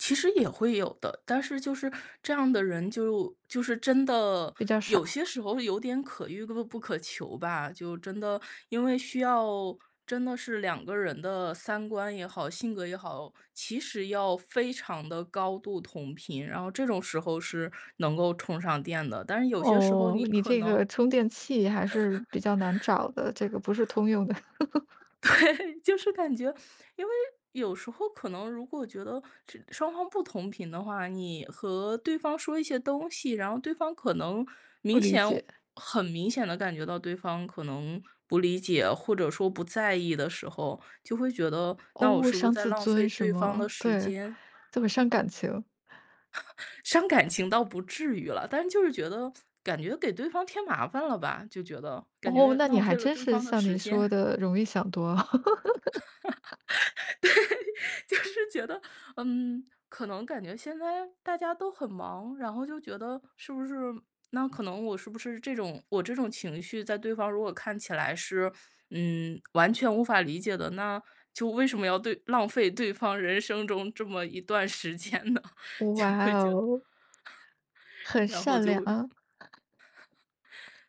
其实也会有的，但是就是这样的人，就就是真的比较有少。些时候有点可遇不不可求吧，就真的因为需要真的是2个人的三观也好、性格也好，其实要非常地高度同频，然后这种时候是能够充上电的，但是有些时候哦，你你可这能个充电器还是比较难找 的，这个不是通用的。对，就 是感觉因为有时候可能如果觉得这双方不同频的话，你和对方说一些东西，然后对方可能不明理显解。很明显地感觉到对方可能不理解，或者说不在意的时候，就会觉得，那我哦，是不是伤在自浪尊费什对方么的时对，间？这么伤感情。伤感情倒不至于了，但就是觉得，感觉给对方添麻烦了吧，就觉得，感哦，觉那你浪还费了真对是方的像你时说间。的容易想多。对，就是觉得，嗯，可能感觉现在大家都很忙，然后就觉得，是不是那可能我是不是这种我这种情绪在对方如果看起来是，嗯，完全无法理解的，那就为什么要对浪费对方人生中这么一段时间呢？就哇会觉得 哦。很然后善就良！会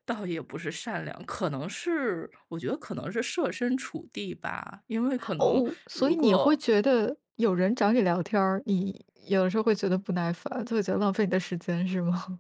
倒也不是善良，可能是我觉得可能是设身处地吧，因为可能哦，所以如你会果觉得有人找你聊天儿，你有的时候会觉得不耐烦，就会觉得浪费你的时间是吗？